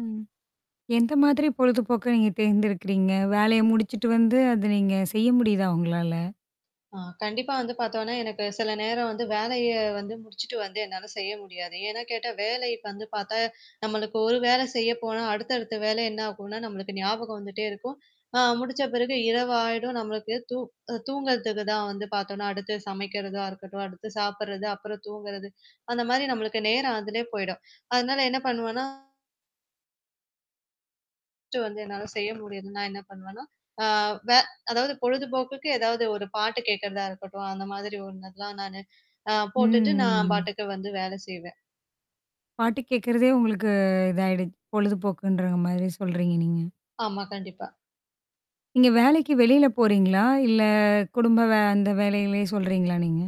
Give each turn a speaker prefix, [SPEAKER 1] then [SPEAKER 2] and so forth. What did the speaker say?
[SPEAKER 1] ம். எந்த மாதிரி பொழுதுபோக்க நீங்க தேர்ந்தெடுக்கிறீங்க? வேலய
[SPEAKER 2] [unintelligible]
[SPEAKER 1] முடிச்சுட்டு வந்து அத நீங்க செய்ய முடியுதா உங்களால?
[SPEAKER 2] ஆ கண்டிப்பா வந்து பாத்தோன்னா, எனக்கு சில நேரம் வந்து வேலைய வந்து முடிச்சுட்டு வந்து என்னால செய்ய முடியாது. ஏன்னா கேட்டா வேலை வந்து பாத்தா நம்மளுக்கு ஒரு வேலை செய்ய போனா அடுத்த அடுத்த வேலை என்ன ஆகும்னா, நம்மளுக்கு ஞாபகம் வந்துட்டே இருக்கும். அ முடிச்ச பிறகு இரவு ஆயிடும். நம்மளுக்கு தூ தூங்குறதுக்கு தான் வந்து பாத்தோன்னா, அடுத்து சமைக்கிறதா இருக்கட்டும், அடுத்து சாப்பறது அப்புறம் தூங்குறது, அந்த மாரி நம்மளுக்கு நேரம் அதுலே போயிடும். அதனால என்ன பண்ணுவேன்னா ஃபர்ஸ்ட் வந்து என்னால செய்ய முடியது நான் என்ன பண்ணுவேன்னா, அ வே அதாவது பொழுதுபோக்குக்கு ஏதாவது ஒரு பாட்டு கேக்கறதா இருக்கட்டும். அந்த மாதிரி ஒண்ணுெல்லாம் நானு அ போட்டுட்டு நான்
[SPEAKER 1] ம்.
[SPEAKER 2] பாட்டுக்கு வந்து வேல செய்வன்.
[SPEAKER 1] பாட்டு கேட்கறதே உங்களுக்கு
[SPEAKER 2] ம்.
[SPEAKER 1] இதாயிடுச்சு. பொழுதுபோக்குன்ற மாதிரி சொல்றீங்க நீங்க?
[SPEAKER 2] ஆமா, கண்டிப்பா.
[SPEAKER 1] நீங்க வேலைக்கு வெளியில போறீங்களா? இல்ல குடும்ப வே
[SPEAKER 2] [unintelligible]
[SPEAKER 1] அந்த வேலயிலயே சொல்றீங்களா நீங்க?